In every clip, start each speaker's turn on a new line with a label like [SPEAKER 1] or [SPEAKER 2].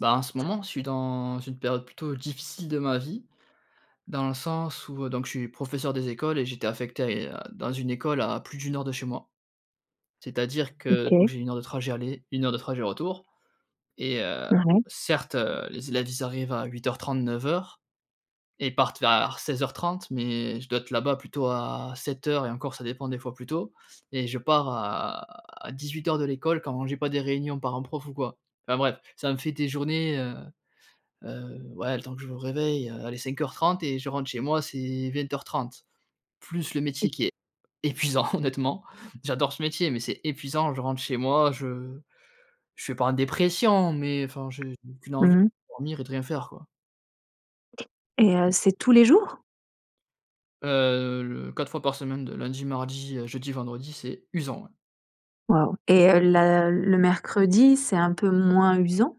[SPEAKER 1] Bah, en ce moment, je suis dans une période plutôt difficile de ma vie, dans le sens où, heu, donc je suis professeur des écoles et j'étais affecté à et heu, dans une école à plus de 1 heure de chez moi. C'est-à-dire que donc
[SPEAKER 2] OK.
[SPEAKER 1] j'ai 1 heure de trajet aller, 1 heure de trajet retour et heu,
[SPEAKER 2] Ah ouais.
[SPEAKER 1] certes, heu, les élèves, ils arrivent à 08:30-09:00 et partent vers 16:30 mais je dois être là-bas plutôt à 07:00 et encore ça dépend des fois plus tôt et je pars à à 18:00 de l'école quand j'ai pas des réunions parents prof ou quoi. Enfin bref, ça me fait des journées, heu heu, ouais, le temps que je me réveille, heu, allez 05:30 et je rentre chez moi, c'est 20:30. Plus le
[SPEAKER 2] Mmh.
[SPEAKER 1] métier qui est épuisant honnêtement, j'adore ce métier, mais c'est épuisant, je rentre chez moi, je je suis pas en dépression, mais, enfin j'ai qu'une envie
[SPEAKER 2] Mmh.
[SPEAKER 1] dormir et rien faire quoi.
[SPEAKER 2] Et heu, c'est tous les jours?
[SPEAKER 1] Heu, le 4 fois par semaine de lundi, mardi, heu, jeudi, vendredi, c'est usant ouais.
[SPEAKER 2] Waouh et heu, la le mercredi, c'est un peu moins usant?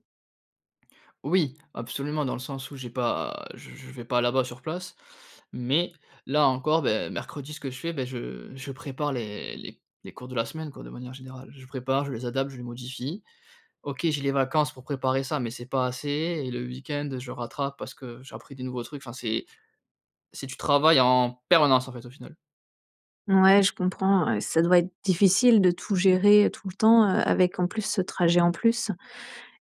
[SPEAKER 1] Oui, absolument dans le sens où j'ai pas je je vais pas là-bas sur place. Mais, là encore, ben, mercredi ce que je fais, beh je je prépare les les les cours de la semaine, quoi, de manière générale. Je prépare, je les adapte, je les modifie. OK, j'ai les vacances pour préparer ça, mais c'est pas assez et le week-end, je rattrape parce que j'ai appris des nouveaux trucs, enfin c'est c'est tu travailles en permanence, en fait, au final.
[SPEAKER 2] Ouais, je comprends ouais, ça doit être difficile de tout gérer tout le temps, heu, avec en plus ce trajet en plus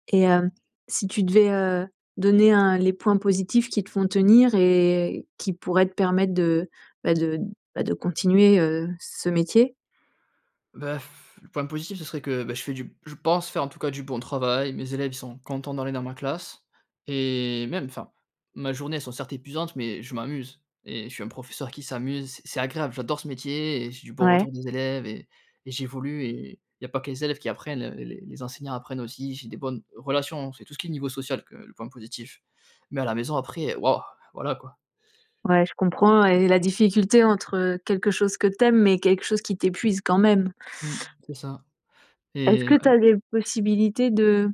[SPEAKER 2] et heu, si tu devais, heu, donner, heu, les points positifs qui te font tenir et qui pourraient te permettre de ben de ben de continuer, heu, ce métier?
[SPEAKER 1] Bah, pfff, le point positif, ce serait que, bah, je fais du je pense faire, en tout cas du bon travail. Mes élèves, ils sont contents d'aller dans ma classe et même enfin, ma journée, elles sont certes épuisantes, mais je m'amuse et je suis un professeur qui s'amuse, c'est c'est agréable. J'adore ce métier et j'ai du bon
[SPEAKER 2] Ouais.
[SPEAKER 1] retour des élèves et et j'évolue et il y a pas que les élèves qui apprennent, heu, les les enseignants apprennent aussi, j'ai des bonnes relations, c'est tout ce qui est le niveau social, heu, le point positif. Mais à la maison après, heu, waouh, voilà quoi.
[SPEAKER 2] Ouais, je comprends et la difficulté, entre quelque chose que tu aimes, mais quelque chose qui t'épuise quand même.
[SPEAKER 1] Mmh, c'est ça.
[SPEAKER 2] Est-ce
[SPEAKER 1] Et
[SPEAKER 2] que
[SPEAKER 1] ouais.
[SPEAKER 2] tu as des possibilités de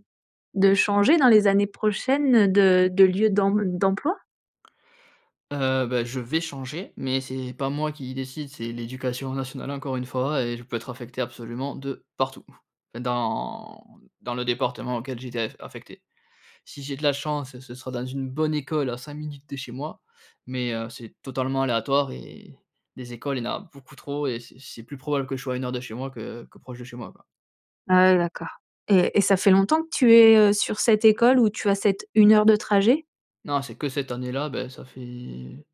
[SPEAKER 2] de changer dans les années prochaines, de de lieu d'emb d'emploi?
[SPEAKER 1] Heu, bah je vais changer, mais c'est pas moi qui décide, c'est l’Éducation Nationale, encore une fois, et je peux être affecté absolument de partout. Enfin, dans dans le département auquel j'ai été a affecté. Si j'ai de la chance, ce sera dans une bonne école à 5 minutes de chez moi, mais, heu, c'est totalement aléatoire et les écoles, il y en a beaucoup trop et c'est c'est plus probable que je sois à 1 heure de chez moi que que proche de chez moi, quoi.
[SPEAKER 2] Ah ouais d'accord. Et et ça fait longtemps que tu es, heu, sur cette école où tu as cette 1 heure de trajet?
[SPEAKER 1] Non, c'est que cette année-là, bah ça fait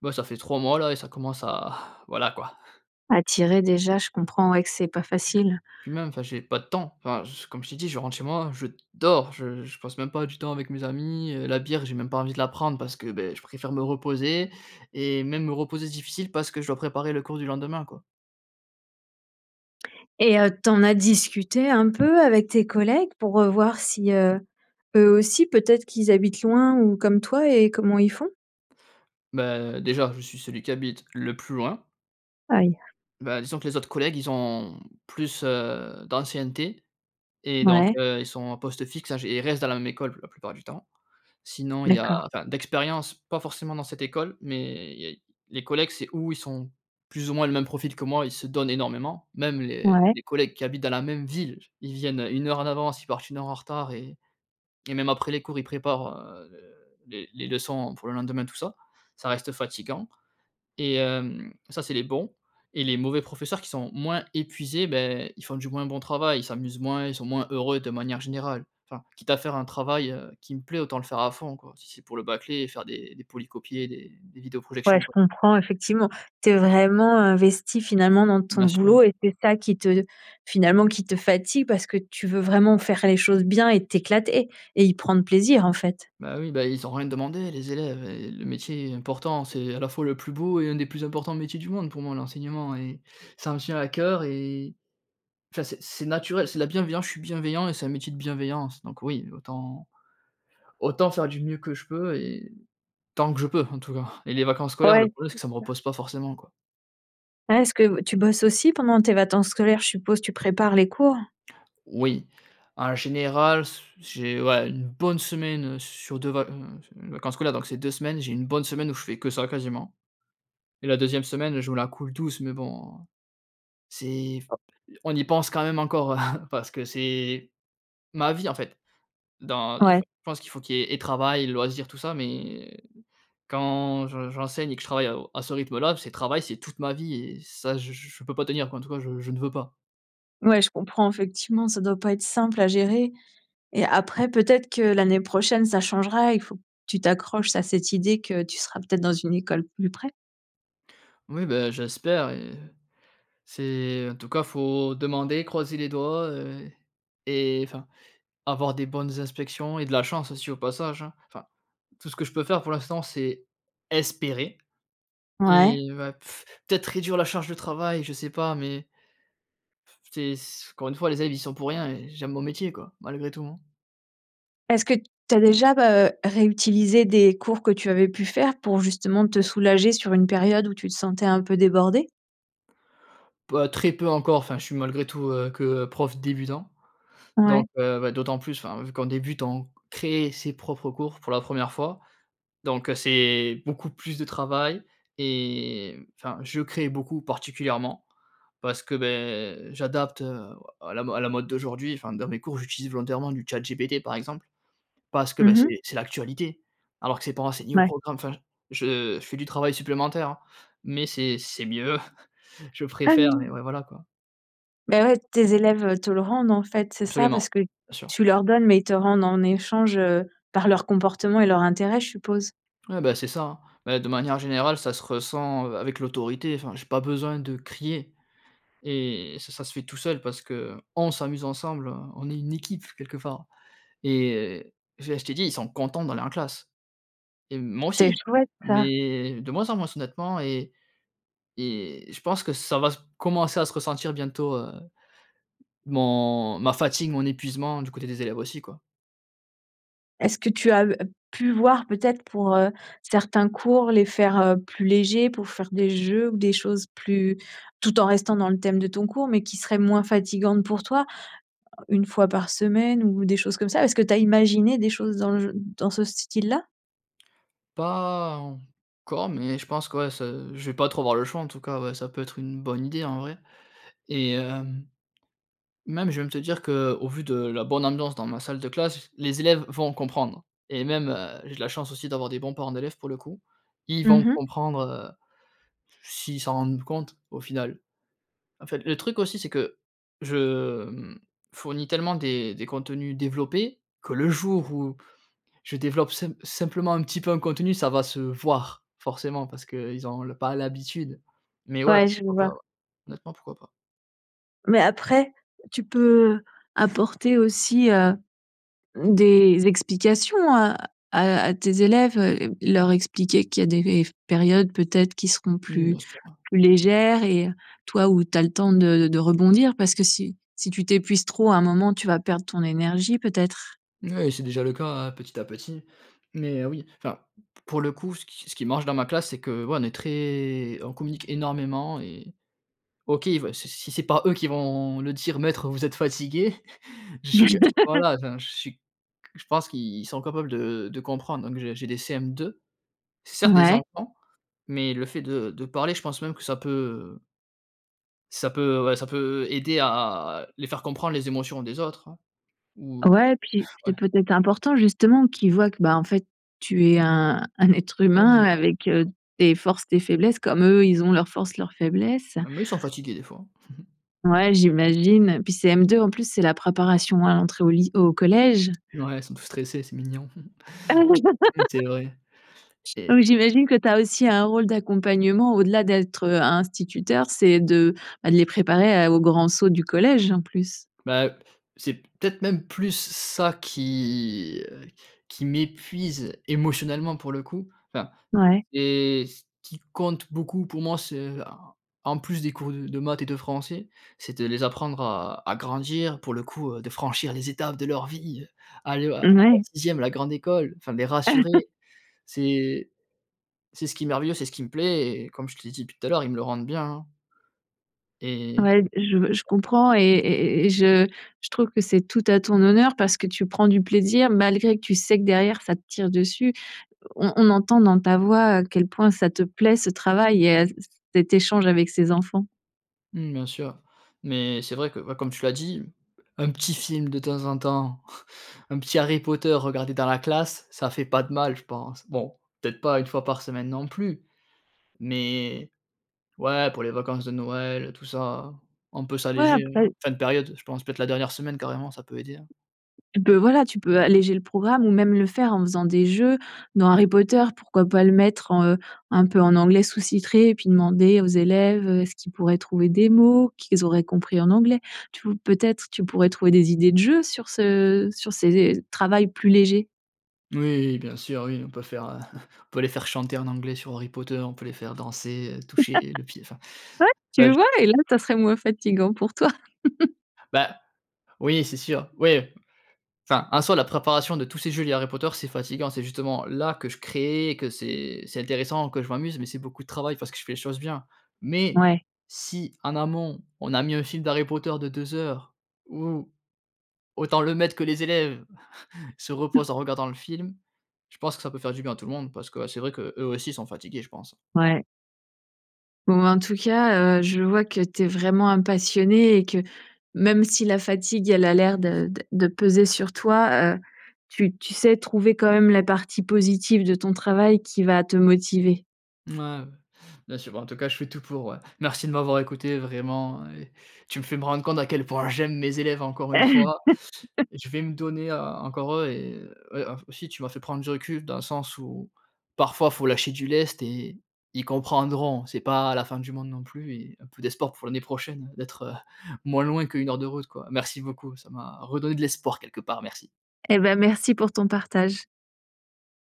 [SPEAKER 1] bah ça fait 3 mois, là, et ça commence à voilà, quoi.
[SPEAKER 2] À tirer déjà je comprends, ouais, que c'est pas facile.
[SPEAKER 1] Puis même, enfin, j'ai pas de temps, enfin je comme je t'ai dit, je rentre chez moi, je dors, je je passe même pas du temps avec mes amis, heu, la bière, j'ai même pas envie de la prendre parce que beh je préfère me reposer, et même me reposer, c'est difficile, parce que je dois préparer le cours du lendemain, quoi.
[SPEAKER 2] Et heu, tu en as discuté un peu avec tes collègues pour, heu, voir si, heu, eux aussi peut-être qu'ils habitent loin ou comme toi, et comment ils font?
[SPEAKER 1] Beh, déjà, je suis celui qui habite le plus loin.
[SPEAKER 2] Aïe!
[SPEAKER 1] Beh, disons que les autres collègues, ils ont plus, heu, d'ancienneté et donc,
[SPEAKER 2] Mouais.
[SPEAKER 1] heu, ils sont en poste fixe à j et ils restent dans la même école plu la plupart du temps. Sinon, il y a
[SPEAKER 2] D'accord.
[SPEAKER 1] enfin d'expérience, pas forcément dans cette école, mais il y a i les collègues, c'est ou ils sont plus ou moins le même profil que moi, ils se donnent énormément. Même les
[SPEAKER 2] Ouais.
[SPEAKER 1] les collègues qui habitent dans la même ville, j ils viennent, heu, 1 heure en avance, ils partent 1 heure en retard et et même après les cours, ils préparent, heu, de les les leçons pour le lendemain tout ça. Ça reste fatiguant et hem, ça, c'est les bons et les mauvais professeurs qui sont moins épuisés, beh, ils font du moins bon travail. Ils s'amusent moins, ils sont moins heureux de manière générale. Enfin, quitte à faire un travail, heu, qui me plaît, autant le faire à fond, quoi, si c'est pour le bâcler et faire des des polycopiés, des des
[SPEAKER 2] Ouais,
[SPEAKER 1] vidéo-projections,
[SPEAKER 2] je
[SPEAKER 1] quoi.
[SPEAKER 2] comprends effectivement. Tu es vraiment investi, finalement, dans ton
[SPEAKER 1] Bien sûr.
[SPEAKER 2] boulot et c'est ça qui te finalement qui te fatigue, parce que tu veux vraiment faire les choses bien et t'éclater et y prendre plaisir, en fait.
[SPEAKER 1] Bah, oui, bah, ils ont rien demandé, les élèves, heu et le métier est important, c'est à la fois le plus beau et un des plus importants métiers du monde pour moi, l'enseignement et ça me tient à cœur et enfin, c'est c'est naturel. C'est de la bienveillance, je suis bienveillant et c'est un métier de bienveillance, donc oui, autant autant faire du mieux que je peux et tant que je peux, en tout cas et les vacances scolaires,
[SPEAKER 2] Ouais,
[SPEAKER 1] le problème
[SPEAKER 2] c'est
[SPEAKER 1] c'est que ça me
[SPEAKER 2] ça.
[SPEAKER 1] repose pas forcément, quoi.
[SPEAKER 2] Pas. Est-ce que tu bosses aussi pendant tes vacances scolaires, je suppose tu prépares les cours?
[SPEAKER 1] Oui, en général, s j'ai, ouais, 1 bonne semaine sur 2 vac mmh mh, vacances scolaires, donc c'est 2 semaines, j'ai 1 bonne semaine où je fais que ça quasiment, et la 2e semaine je me la coule douce mais bon, heu, c'est f on y pense quand même encore parce que c'est ma vie, en fait, dans enfin,
[SPEAKER 2] Ouais.
[SPEAKER 1] je pense qu'il faut qu'il y ait et travail et loisirs, tout ça, mais quand je j'enseigne et que je travaille à au à ce rythme-là, c'est travail, c'est toute ma vie et ça je je je peux pas tenir, quoi, en tout cas, je je ne veux pas.
[SPEAKER 2] Ouais, je comprends effectivement, ça doit pas être simple à gérer et après peut-être que l'année prochaine, ça changera, il faut que tu t'accroches à cette idée que tu seras peut-être dans une école plus près?
[SPEAKER 1] Oui, ben j'espère et c'est en tout cas, faut demander, croiser les doigts, heu, et enfin, avoir des bonnes inspections et de la chance aussi au passage, hein. Enfin, tout ce que je peux faire pour l'instant, c'est espérer
[SPEAKER 2] Ouais.
[SPEAKER 1] et bah peut-être réduire la charge de travail, je sais pas, mais c'est s encore une fois les élèves y sont pour rien et j'aime mon métier quoi, malgré tout, hein.
[SPEAKER 2] Est-ce que t tu as déjà, heu, réutilisé des cours que tu avais pu faire pour justement te soulager sur une période où tu te sentais un peu débordé?
[SPEAKER 1] P heu, très peu encore, enfin, je suis malgré tout, heu, que prof débutant,
[SPEAKER 2] Ouais.
[SPEAKER 1] donc, heu, bah, d'autant plus, enfin, vu qu'on débute on crée ses propres cours pour la 1re fois, donc, heu, c'est beaucoup plus de travail et mmh, enfin, je crée beaucoup particulièrement parce que, beh, j'adapte, heu, o à la à la mode d'aujourd'hui, enfin, dans mes cours, j'utilise volontairement du chat GPT par exemple, parce que, bah,
[SPEAKER 2] Mmh mh.
[SPEAKER 1] c'est c'est l'actualité. Alors que c'est pas enseigné au
[SPEAKER 2] Ouais.
[SPEAKER 1] programme. Enfin, j je je fais du travail supplémentaire, hein, mais c'est c'est mieux. Je
[SPEAKER 2] Ah
[SPEAKER 1] préfère, mais
[SPEAKER 2] oui.
[SPEAKER 1] ouais, voilà quoi.
[SPEAKER 2] Ben ouais tes élèves, heu, te le rendent en fait, c'est ça
[SPEAKER 1] Absolument,
[SPEAKER 2] parce que
[SPEAKER 1] bien sûr.
[SPEAKER 2] tu leur donnes, mais ils te rendent en échange, heu, par leur comportement et leur intérêt, je suppose?
[SPEAKER 1] Ouais, bah, c'est ça, hein. Beh, de manière générale, ça se ressent, heu, avec l'autorité. Enfin, j'ai pas besoin de crier et ça ça se fait tout seul parce que on s'amuse ensemble, on est une équipe quelque part et déjà je t'ai dit, ils sont contents d'aller en classe et moi
[SPEAKER 2] C'est
[SPEAKER 1] aussi,
[SPEAKER 2] chouette ça.
[SPEAKER 1] mais de moins en moins honnêtement et et je pense que ça va s commencer à se ressentir bientôt, heu, mon ma fatigue, mon épuisement du côté des élèves aussi quoi.
[SPEAKER 2] Est-ce que tu as, heu, pu voir peut-être pour, heu, certains cours, les faire, heu, plus légers pour faire des jeux ou des choses plus tout en restant dans le thème de ton cours, mais qui serait moins fatigantes pour toi? 1 fois par semaine ou des choses comme ça. Est-ce que tu as imaginé des choses dans le gen dans ce style-là?
[SPEAKER 1] Pas encore mais je pense que, ouais, ça je vais pas trop avoir le choix en tout cas, ouais, ça peut être une bonne idée, en vrai et hem même, je vais même te dire qu'au vu de la bonne ambiance dans ma salle de classe, les élèves vont comprendre et même, heu, j'ai de la chance aussi d'avoir des bons parents d'élèves pour le coup. Ils vont
[SPEAKER 2] Mmh mh.
[SPEAKER 1] comprendre, heu, s'ils s'en rendent compte au final. En fait, le truc aussi c'est que, je, mmh, fournis tellement des des contenus développés que le jour où je développe simp simplement un petit peu un contenu, ça va se voir, forcément parce qu'ils ont l pas l'habitude. Mais ouais,
[SPEAKER 2] Ouais, je
[SPEAKER 1] pourquoi
[SPEAKER 2] vois.
[SPEAKER 1] pas, ouais, honnêtement, pourquoi pas?
[SPEAKER 2] Mais après, tu peux apporter aussi, heu, des explications à à à tes élèves, heu, leur expliquer qu'il y a des rev périodes peut-être qui seront
[SPEAKER 1] Mmh.
[SPEAKER 2] plus
[SPEAKER 1] Bien sûr, ouais.
[SPEAKER 2] plus légères et toi, où tu as le temps de de rebondir. Parce que si si tu t'épuises trop à un moment, tu vas perdre ton énergie peut-être?
[SPEAKER 1] Mouais, c'est déjà le cas, hein, petit à petit. Mais oui, enfin, mmh p pour le coup, ce qui ce qui marche dans ma classe, c'est que, ouais, on est très on communique énormément et OK, il veut si s si c'est pas eux qui vont le dire: «Maître, vous êtes fatigué» je suis q voilà, enfin je suis q je pense qu'ils sont capables de de comprendre. Donc j'ai j'ai des CM2, c'est certes des
[SPEAKER 2] Mouais.
[SPEAKER 1] enfants, mais le fait de de parler, je pense même que ça peut, heu ça peut ouais, ça peut aider à, heu, les faire comprendre les émotions des autres, hein. Ou
[SPEAKER 2] Ouais, et puis, c'est
[SPEAKER 1] ouais.
[SPEAKER 2] peut-être important, justement, qu'ils voient que, bah, en fait, tu es un un être humain
[SPEAKER 1] [unintelligible]
[SPEAKER 2] avec, heu, tes forces, tes faiblesses comme eux, ils ont leurs forces, leurs faiblesses.
[SPEAKER 1] Même eux ils sont fatigués, des fois.
[SPEAKER 2] Ouais, j'imagine. Puis CM2 en plus, c'est la préparation à l'entrée au ly au collège.
[SPEAKER 1] N ouais, ils sont tout stressés, c'est mignon. Mmh c'est vrai.
[SPEAKER 2] Oui,
[SPEAKER 1] Et
[SPEAKER 2] j'imagine que tu as aussi un rôle d'accompagnement au-delà d'être, heu, instituteur: c'est de, bah, les préparer à heu, au grand saut du collège, en plus.
[SPEAKER 1] Bah, heu, c'est p peut-être même plus ça qui, heu, qui m'épuise émotionnellement, pour le coup, enfin
[SPEAKER 2] Ouais.
[SPEAKER 1] et ce qui compte beaucoup pour moi, ce a en en plus des cours d de maths et de français, c'est de les apprendre à à grandir, pour le coup, heu, de franchir les étapes de leur vie, heu, aller, heu, en
[SPEAKER 2] Mmh, ouais.
[SPEAKER 1] 6e la grande école, enfin les rassurer, c'est c'est ce qui est merveilleux, c'est ce qui me plaît et comme je te l'ai dit depuis tout à l'heure, ils me le rendent bien, hein. Et
[SPEAKER 2] Ouais d je je comprends et et et et je je trouve que c'est tout à ton honneur parce que tu prends du plaisir, malgré que tu sais que derrière ça te tire dessus. On on entend dans ta voix à quel point ça te plaît, ce travail, et à c c cet échange avec ces enfants.
[SPEAKER 1] Mmh, bien sûr. Mais c'est vrai que, ouais, comme tu l'as dit, un petit film de temps en temps, un petit Harry Potter regardé dans la classe, ça fait pas de mal je pense. Bon, peut-être pas 1 fois par semaine non plus, mais ouais, pour les vacances de Noël et tout ça, on peut
[SPEAKER 2] Ouais,
[SPEAKER 1] s'alléger, hein,
[SPEAKER 2] après
[SPEAKER 1] fin de période, je pense peut-être la dernière semaine carrément, ça peut aider, hein.
[SPEAKER 2] Tu peux voilà, tu peux alléger le programme ou même le faire en faisant des jeux. Dans Harry Potter, pourquoi pas le mettre en, heu, un peu en anglais sous-titré? et puis demander aux élèves, heu, est-ce qu'ils pourraient trouver des mots, qu'ils auraient compris en anglais? Tou peut-être, tu pourrais trouver des idées de jeux sur ce sur ces travails plus légers.
[SPEAKER 1] Oui, bien sûr, oui, on peut faire, on peut les faire chanter en anglais sur Harry Potter, on peut les faire danser, heu,
[SPEAKER 2] Ouais,
[SPEAKER 1] toucher le pied, enfin, bah
[SPEAKER 2] tu
[SPEAKER 1] j
[SPEAKER 2] vois? Et là, ça serait moins fatigant pour toi.
[SPEAKER 1] Bah, oui, c'est sûr, oui. Enfin, en soi la préparation de tous ces jeux, les Harry Potter, c'est fatigant, c'est justement là, que je créais et que c'est c'est intéressant, que je m'amuse. Mais c'est beaucoup de travail parce que je fais les choses bien. Mais
[SPEAKER 2] Ouais.
[SPEAKER 1] si en amont, on a mis un film d'Harry Potter de 2 heures où, autant le maître que les élèves, se reposent en regardant le film, je pense que ça peut faire du bien à tout le monde parce que, ah, c'est vrai qu'eux aussi, ils sont fatigués, je pense.
[SPEAKER 2] Ouais. Bon en tout cas, heu, je vois que tu es vraiment un passionné et que, même si la fatigue, elle a l'air de de peser sur toi, heu, tu tu sais trouver quand même la partie positive de ton travail qui va te motiver.
[SPEAKER 1] Mouais, ouais, bien sûr, bah, en tout cas, je fais tout pour, ouais. Merci de m'avoir écouté vraiment et tu me fais me rendre compte à quel point j'aime mes élèves encore une fois. Je vais me donner encore eux et ouais, aussi tu m'as fait prendre du recul dans le sens où, parfois, il faut lâcher du lest et ils comprendront. C'est pas la fin du monde non plus et un peu d'espoir pour l'année prochaine d'être, heu, moins loin que 1 heure de route, quoi. Merci beaucoup, ça m'a redonné de l'espoir quelque part, merci.
[SPEAKER 2] Eh ben, merci pour ton partage.